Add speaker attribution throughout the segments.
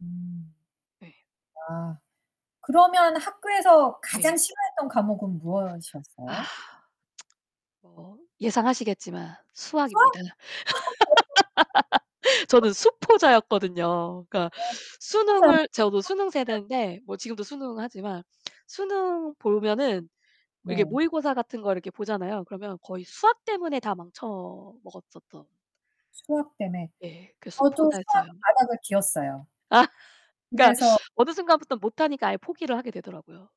Speaker 1: 음.
Speaker 2: 네.
Speaker 1: 아. 그러면 학교에서 가장
Speaker 2: 네.
Speaker 1: 싫어했던 과목은
Speaker 2: 아.
Speaker 1: 무엇이었어요?
Speaker 2: 뭐 예상하시겠지만
Speaker 1: 수학?
Speaker 2: 수학입니다.
Speaker 1: [unintelligible]
Speaker 2: 저는 수포자였거든요. 그러니까 수능을 저도 수능
Speaker 1: [unintelligible]
Speaker 2: 세대인데 뭐 지금도 수능 하지만. 수능 보면은 이렇게
Speaker 1: 네.
Speaker 2: 모의고사 같은 걸 이렇게 보잖아요. 그러면 거의 수학 때문에 다 망쳐 먹었었던.
Speaker 1: 수학 때문에.
Speaker 2: 네. 그
Speaker 1: 어 저도 수학
Speaker 2: 수포자였어요.
Speaker 1: 바닥을 기었어요.
Speaker 2: 아. 그러니까
Speaker 1: 그래서
Speaker 2: 어느 순간부터 못하니까 아예 포기를 하게 되더라고요.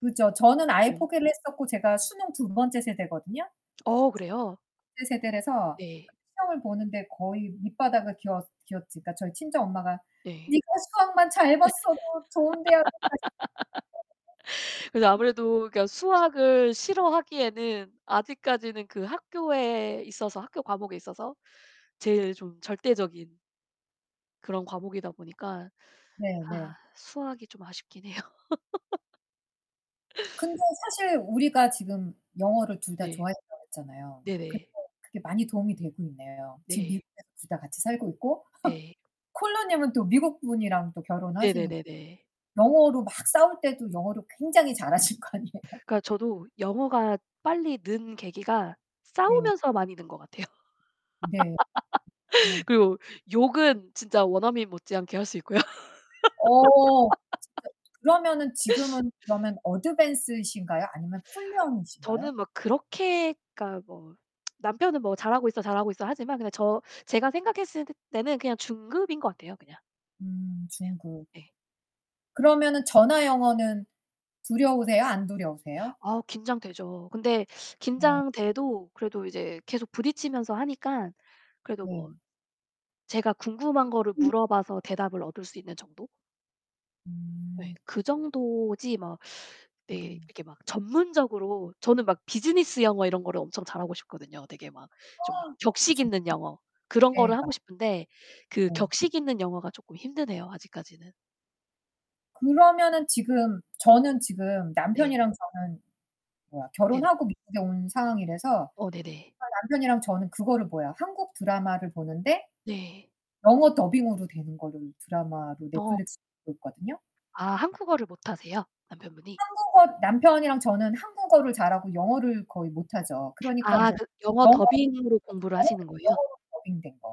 Speaker 1: 그렇죠. 저는 아예
Speaker 2: 네.
Speaker 1: 포기를 했었고 제가 수능 2 번째 세대거든요.
Speaker 2: 어 그래요?
Speaker 1: [unintelligible] 세대라서
Speaker 2: 네.
Speaker 1: 시험을 보는데 거의 밑바닥을 기어 기었지. 그니까 저희 친정 엄마가
Speaker 2: 네.
Speaker 1: "니가 수학만 잘 봤어도 좋은 대학을
Speaker 2: 그래서
Speaker 1: 갔을" [unintelligible]
Speaker 2: 아무래도 그니까 수학을 싫어하기에는 아직까지는 그 학교에 있어서 학교 과목에 있어서 제일 좀 절대적인 그런 과목이다 보니까 아
Speaker 1: 네네.
Speaker 2: 수학이 좀 아쉽긴 해요.
Speaker 1: 근데 사실 우리가 지금 "영어를 둘 다
Speaker 2: 네.
Speaker 1: 좋아했다."고 했잖아요. 근데
Speaker 2: 네네.
Speaker 1: 그게 많이 도움이 되고 있네요. 지금
Speaker 2: 네.
Speaker 1: 미국에서 둘 다 같이 살고 있고.
Speaker 2: 네.
Speaker 1: 콜로 님은 또 미국 분이랑 또 결혼하시니까
Speaker 2: 네네네네.
Speaker 1: 영어로 막 싸울 때도 영어를 굉장히 잘 하실 거 아니에요.
Speaker 2: 그니까 저도 영어가 빨리 는 계기가
Speaker 1: 네.
Speaker 2: 싸우면서 많이 는 것 같아요.
Speaker 1: 네. 어.
Speaker 2: 그리고 욕은 진짜 원어민 못지않게 할 수 있고요.
Speaker 1: 어 잠깐 그러면은 지금은 그러면 Advanced 이신가요, 아니면 Fluent 이신가요?
Speaker 2: 저는 막 그렇게 그니까 뭐 남편은 뭐 "잘하고 있어. 잘하고 있어." 하지만 그냥 저 제가 생각했을 때는 그냥 중급인 것 같아요, 그냥.
Speaker 1: 음
Speaker 2: 네.
Speaker 1: 중급.
Speaker 2: 예.
Speaker 1: 그러면은 전화 영어는 두려우세요, 안 두려우세요?
Speaker 2: 아 긴장되죠. 근데
Speaker 1: 어.
Speaker 2: 긴장돼도 그래도 이제 계속 부딪히면서 하니까 그래도 뭐
Speaker 1: 네.
Speaker 2: 제가 궁금한 거를
Speaker 1: 음.
Speaker 2: 물어 봐서 대답을 얻을 수 있는 정도? 네.
Speaker 1: 음.
Speaker 2: 그 정도지 막 네
Speaker 1: 음.
Speaker 2: 이렇게 막 전문적으로 저는 막 비즈니스 영어 이런 거를 엄청 잘 하고 싶거든요. 되게 막 좀 격식
Speaker 1: 엄청
Speaker 2: 있는 영어, 그런 거를 하고
Speaker 1: 대박.
Speaker 2: 싶은데 그
Speaker 1: 네.
Speaker 2: 격식있는 영어가 쪼끔 힘드네요, 아직까지는.
Speaker 1: 그러면은 지금 저는 지금
Speaker 2: 네.
Speaker 1: 남편이랑 저는 뭐야?
Speaker 2: 네네.
Speaker 1: 결혼하고 미국에 온 상황이라서
Speaker 2: 어 네네.
Speaker 1: 남편이랑 저는 그거를 뭐야? 한국 드라마를 보는데
Speaker 2: 네.
Speaker 1: 영어 더빙으로 되는 거를 드라마로
Speaker 2: 어.
Speaker 1: 넷플릭스 보고 있거든요.
Speaker 2: 아 한국어를 못하세요? 남편분이?
Speaker 1: 한국어 남편이랑 저는 한국어를 잘 하고 영어를 거의 못하죠. 그러니까
Speaker 2: 아
Speaker 1: 인제
Speaker 2: 그 영어
Speaker 1: 영어로
Speaker 2: 더빙으로 공부를
Speaker 1: 영어로
Speaker 2: 하시는 거예요?
Speaker 1: 영어로 더빙된 거.